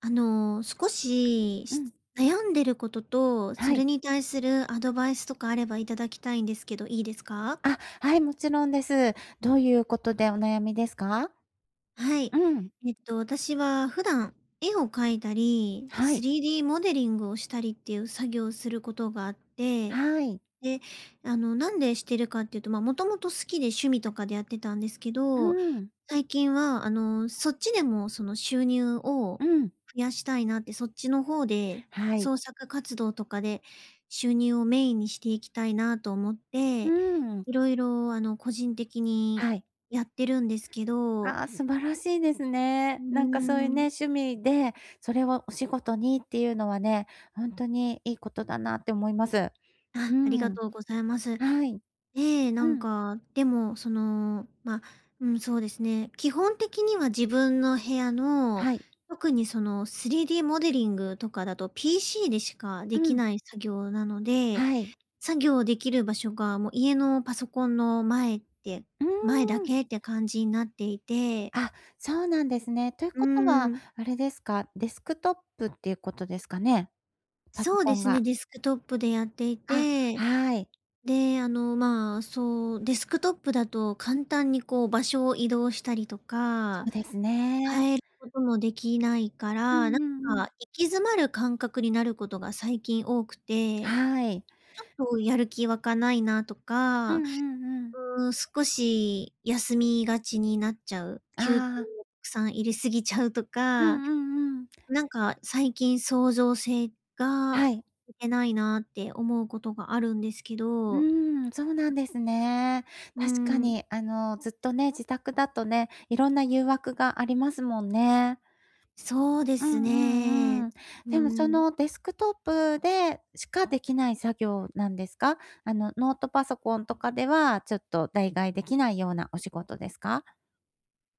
あの少しうん。悩んでることと、はそい。れに対するアドバイスとかあればいただきたいんですけど、いいですか？あ、はい、もちろんです。どういうことでお悩みですか？はい。うん。えっと私は普段絵を書いたり、はい。3D モデリングをしたりっていう作業をすることがあって、はい。で、あの、なんでしてるかっていうと、ま、もともと好きで趣味とかでやってたんですけうど、ん。最近は、あの、そっちでも、その、収入を増うん。やしたいなってそっちの方ではい。創作活動とかで収入をメインにしていきたいなと思っうて、ん。いろいろ、あの、個人的にはい。やってるんですけど。ああ、素晴らしいですうーね。なんかそういうね、ん。趣味でそれをお仕事にっていうのはね、ほんとにいいことだなって思います。うあ、ありがん。とうございます。はい。え、なうんん。か、でも、その、ま、うん、そうですね、基本的には自分の部屋のはい。特に、その、3D モデリングとかだと PC でしかうできん。ない作業なので、はい。作業できる場所が、もう、家のパソコンの前ってう前だーん。けって感じになっていて。あ、そうなんですね。といううことは、ん。あれですか？デスクトップっていうことですかね？パソそうコでンすね、が。デスクトップでやっていあ、て。はい。で、あの、ま、そう、デスクトップだと簡単に、こう、場所を移動したりとそか、うですね。変えこともできないかうら、なんんうんうかん。行き詰まる感覚になることが最近多くて。はい。ちょっと、やる気わかないなとうんか、うんうん。うーん、少し休みがちになっちゃう。きゅうああ。さん入れすぎちゃうとうんか。うんうん。なんか最近創造性がはい。てないなって思うことがあるんですけうどーん、そうなんですね。う確かん。にあのずっとね、自宅だとね、いろんな誘惑がありますもんね。そうでうんすうんうね。ん。うでもそん。の、デスクトップでしかできない作業なんですか？あのノートパソコンとかではちょっと、代替できないようなお仕事ですか？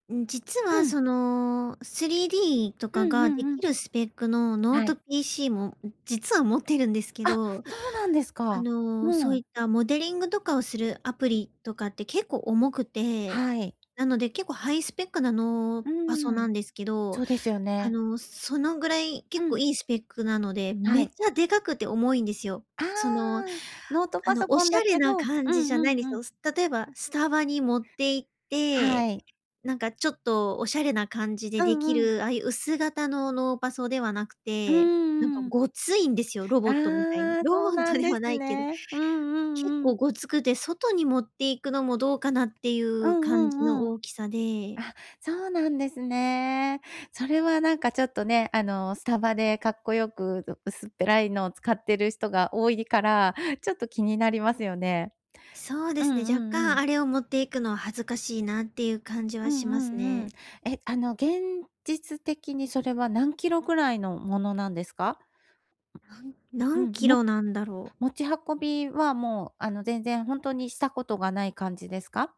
うん、実うはん。その、3Dとうかんうがでんうきん。るスペックのノーはトい。PC も実は持ってるんですけあ、ど。そうなんですあか。のうそういん。ったモデリングとかをするアプリとかって結構重くて、はい。なので結構ハイスペックなノーうパソーなん。んですけど、そうですよあね。の、そのぐらいう結構ん。いいスペックなのではめっい。ちゃでかくて重いんですよ。あその、ああ、ノートパのソおコしンだゃれけなど、うん感じじゃないんうでんすうよ。ん。例えばスタバに持っていっはて、い。なんかちょっとおしゃれな感じでうできんうん。る、ああいう薄型のノーパソではなくうんうて、なんかんうん。ごついんですよ、ロボットみたいに。ああ、ロそうボッなトんでではすないけど、ね。うんう結んう構ん。ごつくて外に持っていくのもどうかなっていううんう感じのんうん。大きさで。あ、そうなんですね。それはなんかちょっとね、あのスタバでかっこよくう薄っぺらいのを使ってる人が多いから、ちょっと気になりますよね。そうでうんすね、若うんう干ん。あれを持っていくのは恥ずかしいなっていう感じはうしんまうすんうん。ね。え、あの現実的にそれは何キロぐらいのものなんですか？なんう何ん、キもロなんだろう？持ち運びはもうあの全然ほんとにしたことがない感じですか？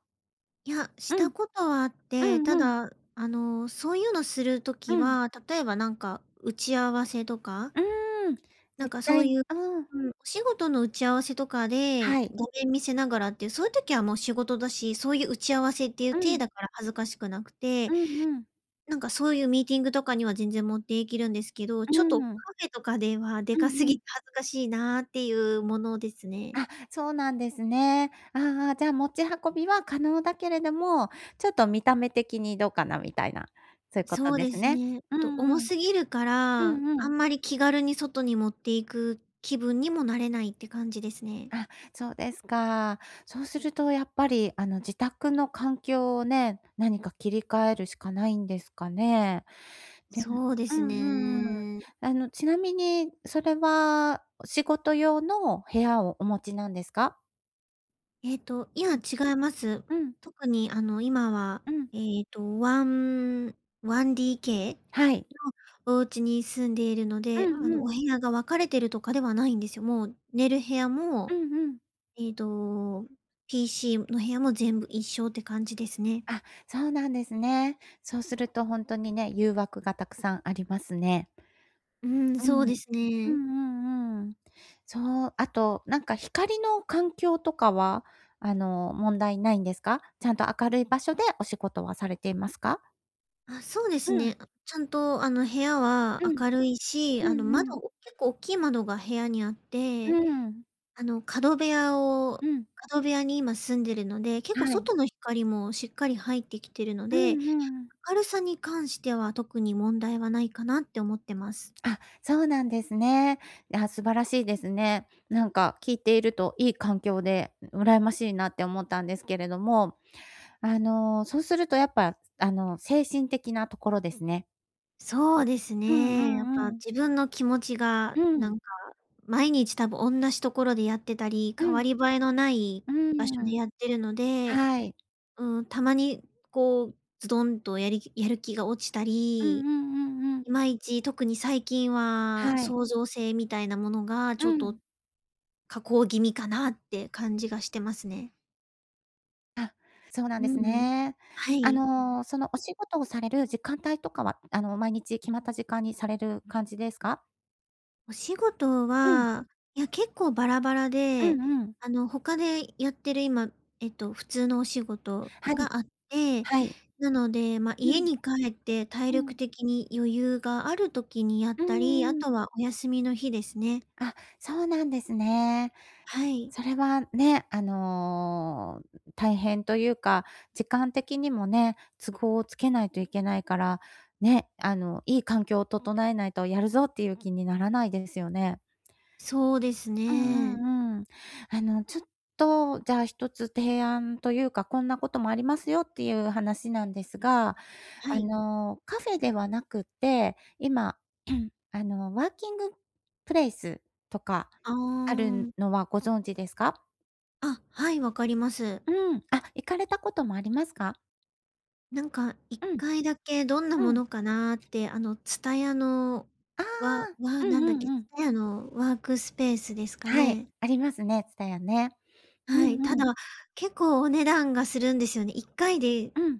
や、しうたん。ことはあっうて、んたうん。だ、あの、そういうのするう時ん。は、例えばなんか打ち合わせとか、うーん、絶なんかそ対、うういう、ん。うん、お仕事の打ち合わせとかではい。画面見せながらっていう、そういう時はもう仕事だし、そういう打ち合わせっていうう体ん。だから恥ずかしくなくて、うんうん。なんかそういうミーティングとかには全然持っていけるんですけど、うーちょっとカん。フェとかではでうかんすうぎん。て恥ずかしいなあっていうものですね。あ、そうなんですね。ああああ、じゃあ、持ち運びは可能だけれども、ちょっと見た目的にどうかなみたいな。そういうことそうでですすね。ね。うと重んうん。すぎるかうら、んうあんん。まり気軽に外に持っていく気分にもなれないって感じですね。あ、そうですか。そうするとやっぱり、あの自宅の環境をね、何か切り替えるしかないんですかね。で、そうでうすんうんうん。ね。あのちなみに、それは仕事用の部屋をお持ちなんですか？ええと、いうや、ん。違います。うん。特にあの今はうん。ええと、ワン1DKはい。のお家に住んでいるのうで、あんうの、おん。部屋が分かれているとかではないんですよ。もう寝る部屋うも、んうん。ええと、PC の部屋も全部一緒って感じですね。あ、そうなんですね。そうするとほんとにね、誘惑がたくさんありますね。うーん、うそうん。ですうね。んうんうん。そう、あとなんか光の環境とかは、あの問題ないんですか？ちゃんと明るい場所でお仕事はされていますか？あ、そうでうすん。ね。ちゃんと、あの、部屋はうん。明るいし、うんあの、うん。窓結構大きい窓が部屋にあっうて、んうん。あの、角部屋うをん。角部屋に今住んでるので、結は構い。外の光もしっかり入ってきてるのうで、んうん。明るさに関しては特に問題はないかなって思ってます。あ、そうなんですね。あ、素晴らしいですね。なんか、聞いているといい環境で、ん羨ましいなって思ったんですけれども、あの、そうするとやっぱ、あの、精神的なところですね。そうですうんうね。やっぱ、んうん。自分の気持ちがうなん。んか、毎日多分同じところでやってたり、う代わん。り映えのないう場ん所うでん。やってるので、はい。ん、たまにこう、ズドンとやりやる気が落ちたうんり、うんうんういん。まいち、特に最近は、はい。創造性みたいなものがちうょっと、ん。下降気味かなって感じがしてますね。あ、そうなんうでんすうん。ね。はあい。の、そのお仕事をされる時間帯とかは、あの、毎日決まった時間にされる感じですか？お仕事うん。は、いや結構バラバラうでんうん。あの他でやってる、今えっと普通のお仕事はい。があって。はい。なのでま、う家ん。に帰って体う力ん。的に余裕がある時にやっうたり、あーん。とはお休みの日ですね。あ、そうなんですね。はい。それはね、あの、大変というか、時間的にもね、都合をつけないといけないから、ね、あのいい環境を整えないとやるぞっていう気にならないですよね。そうですうね。んうんうん。あのちょっとじゃあ、1つ提案というか、こんなこともありますよっていう話なんですが、はあい。の、カフェではなくて、今 あのワーキングプレイスとかああるあ。のはご存知ですか？あ、はい、わかります。うん。あ、行かれたこともありますか？なんかいっうん。かいだけどんなうもん。のかなって、あの TSUTAYA の、ああ、わわうんなんだっうんけうん。？TSUTAYA のワークスペースですかはい、ね。ありますね、TSUTAYA ね。うはい、たんうん。だ結構お値段がするんですよね。1回で。うん。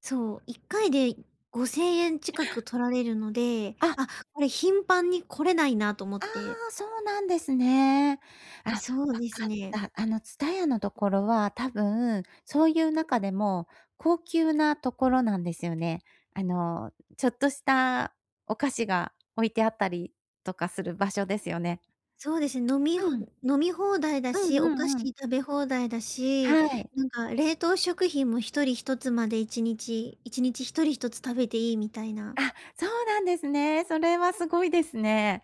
そう、1回で5000円近く取られるので、あ！あこれ頻繁に来れないなと思っあて。あ、そうなんですね。あ、わそうですかっね。た。あの TSUTAYA のところは多分、そういう中でも高級なところなんですよね。あの、ちょっとしたお菓子が置いてあったりとかする場所ですよね。そうですね、飲みうん。飲み放題だうんし、うお菓ん子うん。食べ放題だし、はい。なんか冷凍食品も1人1つまで1日、1日1人1つ食べていいみたいな。あ、そうなんですね。それはすごいですね。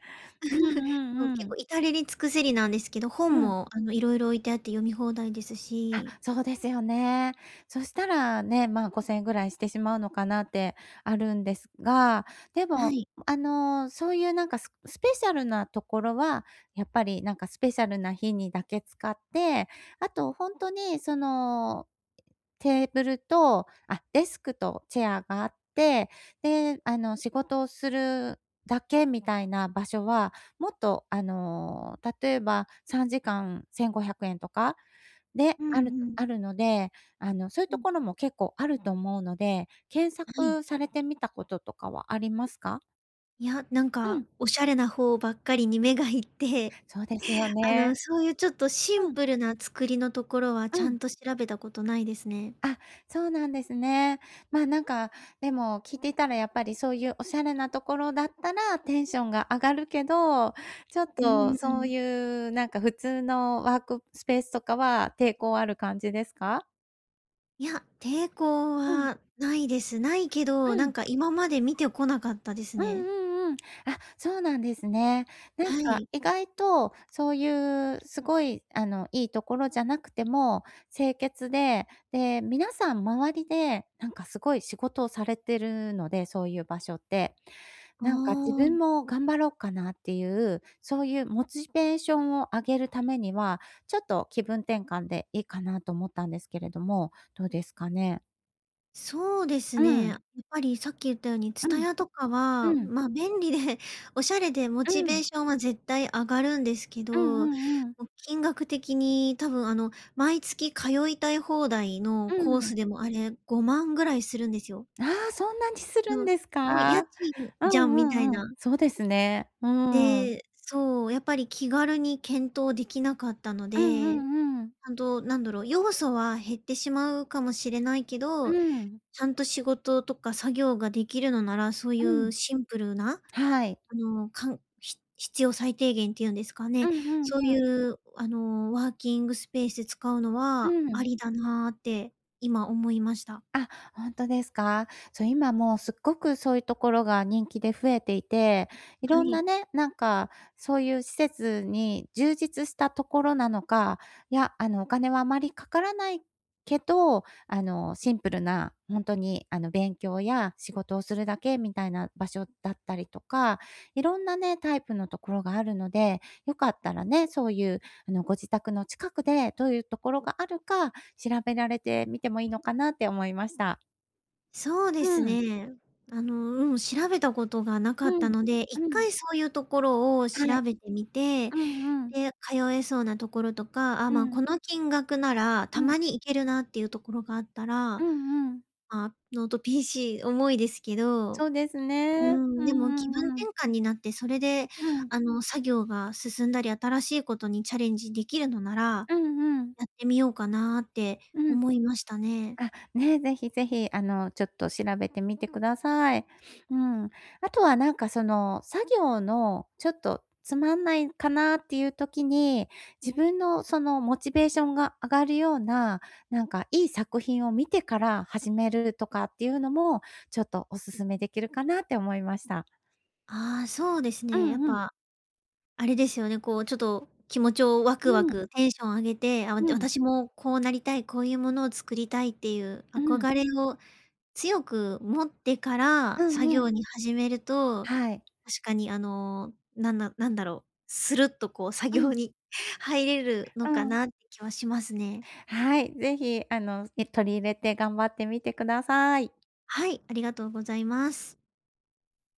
うん うんう結ん。構至れり尽くせりなんですけど、本うん。もあのいろいろ置いてあって読み放題ですあ、し。そうですよね。そしたらね、ま、5000円ぐらいしてしまうのかなってあるんですが、ではも、い。あの、そういうなんかススペシャルなところはやっぱりなんかスペシャルな日にだけ使って、あと本当にそのテーブルと、あ、デスクとチェアがあって、で、あの、仕事をするだけみたいな場所はもっと、あの、例えば3時間1500円とか？で、うんあるうん。あるので、あの、そういううとん。ころも結構あると思うので、検はい。索されてみたこととかはありますか？いや、なんうかん。おしゃれな方ばっかりに目がいって、そうですよあの、ね。そういうちょっとシンうん。プルな作りのところはちうゃん。んと調べたことないですね。あ、そうなんですね。ま、なんか、でも聞いていたらやっぱり、そういうおしゃれなところだったら、テンションが上がるけど、ちょっうんとうそうん。いう、なんか普通のワークスペースとかは抵抗ある感じですか？いや、抵抗うん。はないです。ないけど、うなん。んか今まで見てこなかったですうんね。うんうん。あ、そうなんですね。なんはかい。意外とそういう、すごいあの、いいところじゃなくても、清潔でで、皆さん周りでなんかすごい仕事をされてるので、そういう場所って。あなんか自分あ。も頑張ろっかなっていう、そういうモチベーションを上げるためには、ちょっと気分転換でいいかなと思ったんですけれども、どうですかね？そうですうね。やん。っぱりさっき言ったようにうん。TSUTAYA とかは、うん。ま、便利でおしゃれでモうチベん。ーションは絶対上がるんですけうんど、も、うんうん。金額的に多分あの、毎月通いたい放題のうコーん。スでもあれ、5万ぐらいするんですよ。ああ、そんなにすうるんん、ですもう家か。賃うじゃんんうみたいんうん、な。そうですね。うん。で、そう、やっぱり気軽に検討できなかったのうんうで、んうん。ほんと、何だろう、要素は減ってしまうかもしれないけうど、ん。ちゃんと仕事とか作業ができるのならそういうん。うシンプルな、はい。あの、かんひ必要最低限っていうんですかね。うんうんそうういん。うあの、ワーキングスペース使うのうはあん。りだなって今思いました。あ、ほんとですか。そう、今もう、すっごくそういうところが人気で増えていて、いはろんない。ね、なんかそういう施設に充実したところなのか、いや、あの、お金はあまりかからないけど、あの、シンプルな、ほんとにあの、勉強や仕事をするだけみたいな場所だったりとか、いろんなね、タイプのところがあるので、よかったらね、そういう、あの、ご自宅の近くでどういうところがあるか調べられてみてもいいのかなって思いました。そうですうん。ね。あの、うん、調べたことがなかうったん、ので、いっうかん。いそういうところをは調い。べてみて、うんうん。で、通えそうなところとか、あ、うま、ん。この金額なら、うたん。まに行けるなっていうところがあったうら、んうん。あ、ノート PC 重いですけど、うそうですーね、うん、でも気んう分んう転ん。換になって、それで、うん。あの、作業が進んだり新しいことにチャレンジできるのならうんうん。やってみようかなってうん、思いましたね。あ、ね、ぜひぜひ、あの、ちょっと調べてみて下さい。うん、後は何か、その作業の、ちょっとつまんないかなっていう時に自分の、その、モチベーションが上がるような、何か良い作品を見てから始めるとかっていうのも、ちょっとお勧め出来るかなって思いました。ああ、そうですうね、やっんうん。ぱ、あれですよね、こう、ちょと気持ちをワうクワん。ク、テンション上げて「あ、わうん。私もこうなりたい。こういうものを作りたい」っていううん。憧れを強く持ってからうん作うん。業に始めると、はい。確かに、あの、なんななんだろう、スルッとこう、作うん。業に入れるのうかん。なって気はしますね。はい、ぜひ、あの、ね、取り入れて、頑張ってみて下さい。はい、ありがとうございます。